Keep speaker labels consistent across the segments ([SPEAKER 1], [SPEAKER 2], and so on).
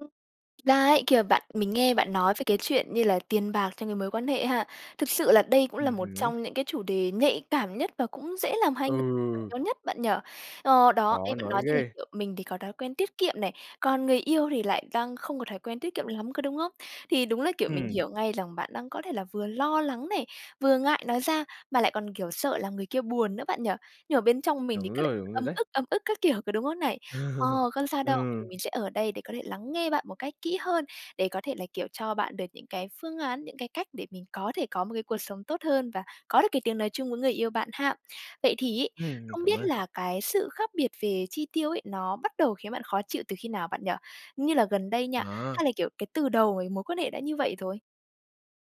[SPEAKER 1] Thực ra ấy, khi mà bạn mình nghe bạn nói về cái chuyện như là tiền bạc trong cái mối quan hệ ha. Thực sự là đây cũng là
[SPEAKER 2] Ừm
[SPEAKER 1] một
[SPEAKER 2] hứm.
[SPEAKER 1] trong những cái chủ đề nhạy cảm nhất và cũng dễ làm hai người
[SPEAKER 2] Ừ.
[SPEAKER 1] nhau nhất, bạn nhỉ. Ờ, đó,
[SPEAKER 2] Khó
[SPEAKER 1] nghe bạn
[SPEAKER 2] nói
[SPEAKER 1] nói như là,
[SPEAKER 2] ghê.
[SPEAKER 1] kiểu, mình thì có thói quen tiết kiệm này, còn người yêu thì lại đang không có thói quen tiết kiệm lắm, có đúng hông? Thì đúng là, kiểu, mình
[SPEAKER 2] Ừm.
[SPEAKER 1] hiểu ngay rằng bạn đang có thể là vừa lo lắng này, vừa ngại nói ra, mà lại còn, kiểu, sợ là người kia buồn nữa, bạn nhỉ? Nhưng mà bên trong mình thì
[SPEAKER 2] Đúng
[SPEAKER 1] cứ lại
[SPEAKER 2] rồi, đúng rồi
[SPEAKER 1] ấm
[SPEAKER 2] đấy.
[SPEAKER 1] ức, ấm ức các kiểu, có đúng không này? Ờ,
[SPEAKER 2] Ừ,
[SPEAKER 1] không sao đâu thì
[SPEAKER 2] ừ.
[SPEAKER 1] mình sẽ ở đây có thể lắng nghe bạn một cách kỹ hơn để có thể là, kiểu, cho bạn được những cái phương án, những cái cách để mình có thể có một cái cuộc sống tốt hơn và có được cái tiếng nói chung với người yêu bạn ha. Vậy thì ấy,
[SPEAKER 2] Ừm, mình
[SPEAKER 1] không
[SPEAKER 2] cảm
[SPEAKER 1] biết
[SPEAKER 2] ơn.
[SPEAKER 1] là cái sự khác biệt về chi tiêu ấy, nó bắt đầu khiến bạn khó chịu từ khi nào, bạn nhỉ? Như là gần đây nha,
[SPEAKER 2] À.
[SPEAKER 1] hay là, kiểu, cái từ đầu cái mối quan hệ đã như vậy rồi?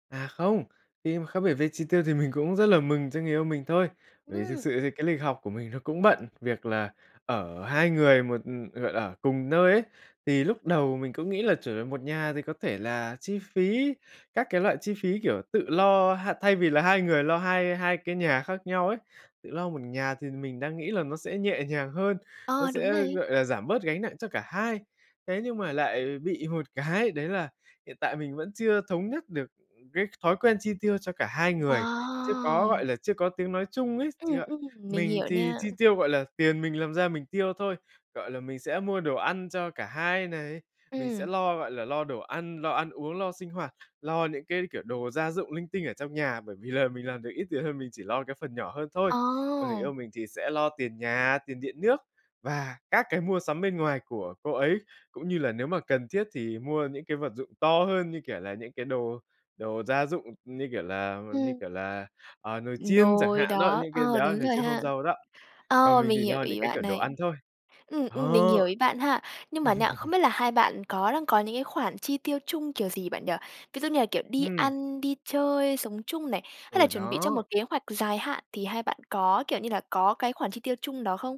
[SPEAKER 2] À, không, khi mà khác biệt về chi tiêu thì mình cũng rất là mừng cho người yêu mình thôi. Bởi vì thực
[SPEAKER 1] Ừm.
[SPEAKER 2] sự thì cái lịch học của mình nó cũng bận, việc là ở hai người một ừ, gọi là, ở cùng nơi ấy, thì lúc đầu mình cũng nghĩ là trở về một nhà thì có thể là chi phí, các cái loại chi phí, kiểu, tự lo ha. Thay vì là hai người lo hai hai cái nhà khác nhau ấy, tự lo một nhà thì mình đang nghĩ là nó sẽ nhẹ nhàng hơn, nó
[SPEAKER 1] Ờ, đúng
[SPEAKER 2] sẽ,
[SPEAKER 1] này.
[SPEAKER 2] gọi là, giảm bớt gánh nặng cho cả hai. Thế nhưng mà lại bị một cái, đấy là hiện tại mình vẫn chưa thống nhất được cái thói quen chi tiêu cho cả hai người. Chưa có,
[SPEAKER 1] Wow!
[SPEAKER 2] gọi là, chưa có tiếng nói chung ấy,
[SPEAKER 1] Ừm,
[SPEAKER 2] chưa
[SPEAKER 1] ừm, mình
[SPEAKER 2] mình
[SPEAKER 1] hiểu
[SPEAKER 2] thì
[SPEAKER 1] nha.
[SPEAKER 2] chi tiêu, gọi là, tiền mình làm ra mình tiêu thôi, gọi là, mình sẽ mua đồ ăn cho cả hai này, mình sẽ
[SPEAKER 1] Ừm.
[SPEAKER 2] lo, gọi là, lo đồ ăn, lo ăn uống, lo sinh hoạt, lo những cái, kiểu, đồ gia dụng linh tinh ở trong nhà, bởi vì là mình làm được ít tiền hơn mình chỉ lo cái phần nhỏ hơn thôi. Còn người
[SPEAKER 1] Ồ!
[SPEAKER 2] yêu mình thì sẽ lo tiền nhà, tiền điện nước và các cái mua sắm bên ngoài của cô ấy cũng như là nếu mà cần thiết thì mua những cái vật dụng to hơn, như kiểu là, những cái đồ đồ gia dụng, ừm, như kiểu là như
[SPEAKER 1] Ừm.
[SPEAKER 2] kiểu là, ờ, nồi chiên chẳng
[SPEAKER 1] Nồi
[SPEAKER 2] hạn đó,
[SPEAKER 1] đó,
[SPEAKER 2] những cái
[SPEAKER 1] ờ,
[SPEAKER 2] đó,
[SPEAKER 1] đúng
[SPEAKER 2] nồi
[SPEAKER 1] rồi
[SPEAKER 2] chiên không
[SPEAKER 1] ha.
[SPEAKER 2] dầu đó còn
[SPEAKER 1] Ờ,
[SPEAKER 2] mình
[SPEAKER 1] mình
[SPEAKER 2] thì
[SPEAKER 1] hiểu
[SPEAKER 2] lo những
[SPEAKER 1] ý
[SPEAKER 2] cái, kiểu,
[SPEAKER 1] bạn
[SPEAKER 2] đồ
[SPEAKER 1] này.
[SPEAKER 2] ăn thôi.
[SPEAKER 1] Ừm, ừm, mình hiểu
[SPEAKER 2] Đó.
[SPEAKER 1] ý bạn ha nhưng mà nha, không biết là hai bạn có đang có những cái khoản chi tiêu chung kiểu gì, bạn nhỉ? Ví dụ như là, kiểu, đi
[SPEAKER 2] Ừm.
[SPEAKER 1] ăn, đi chơi, sống chung này, hay là
[SPEAKER 2] Ờ,
[SPEAKER 1] chuẩn bị cho
[SPEAKER 2] đó.
[SPEAKER 1] một kế hoạch dài hạn thì hai bạn có, kiểu như là, có cái khoản chi tiêu chung đó không?